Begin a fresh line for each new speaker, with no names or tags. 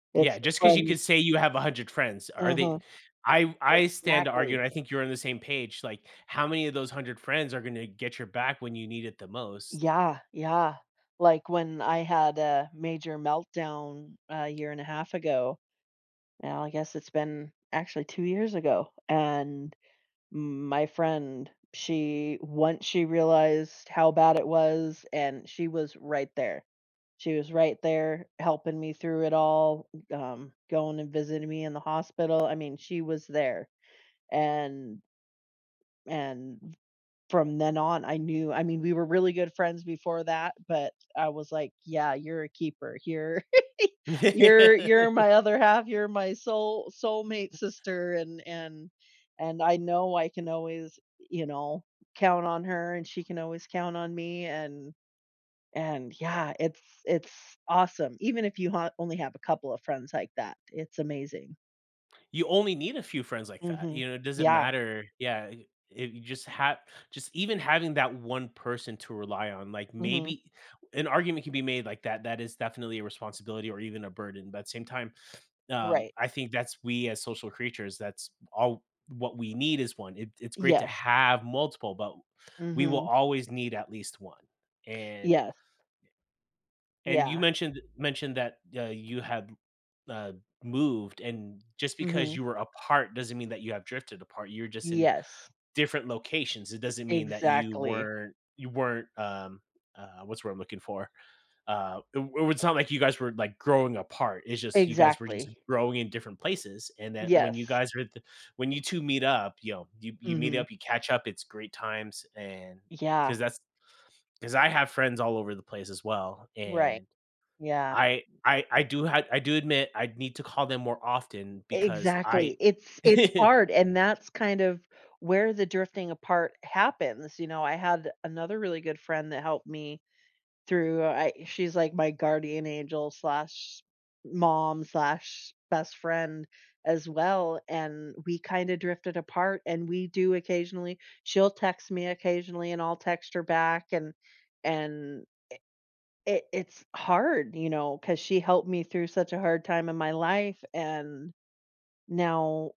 It's
Yeah,
the
just 'cause you could
friends.
say you have 100 friends, are they
Uh-huh.
I I stand to argue
Exactly.
and I think you're on the same page, like, how many of those 100 friends are gonna get your back when you need it the most?
Yeah, yeah. Like, when I had a major meltdown a year and a half ago. Now, I guess it's been actually 2 years ago, and m my friend, she once she realized how bad it was and she was right there. She was right there helping me through it all, g um, going and visiting me in the hospital, I mean, she was there, and and from then on, I knew I mean, we were really good friends before that, but I was, like, "Yeah, you're a keeper. You're you're you're my other half, you're my soul soulmate sister," and and and I know I can always, eh, you know, count on her, and she can always count on me, and and yeah it's it's awesome. Even if you ho only have a couple of friends like that, it's amazing.
You only need a few friends like that,
Mhm.
you know, it doesn't
Yeah.
matter, yeah, eh, eh, you just have just even having that 1 person to rely on, like,
Mhm.
maybe an argument can be made like that, that is definitely a responsibility or even a burden, but at the same time, um,
Right.
I think that's we as social creatures, that's all what we need is 1. I it's great to
Yes.
have multiple, but we will
Mhm.
always need at least 1. And
Yes.
and you
Yeah.
mentioned mentioned that, y uh, you had, uh, moved, and just because
Mhm.
you were apart doesn't mean that you have drifted apart, you're just in
Yes.
different locations, it doesn't mean that you
Exactly.
weren't you weren't um, uh, what's the word I'm looking for? Uh, i i it's not like you guys were, like, growing apart, it's just, you guys were just
Exactly.
growing in different places, and that when you
Yes.
guys were at the when you 2 meet up, you know, you you meet
Mhm.
up, you catch up, it's great times, and
Yeah.
'cause that's 'cause I have friends all over the place as well,
Right.
and
Yeah.
I I I do ha I do admit I need to call them more often because I
Exactly. It's it's hard, and that's kind of where the drifting apart happens, you know, I had another really good friend that helped me through I she's, like, my guardian angel/mom/best friend as well, and we kinda drifted apart, and we do occasionally she'll text me occasionally and I'll text her back and and, eh i it's hard, you know, 'cause she helped me through such a hard time in my life, and now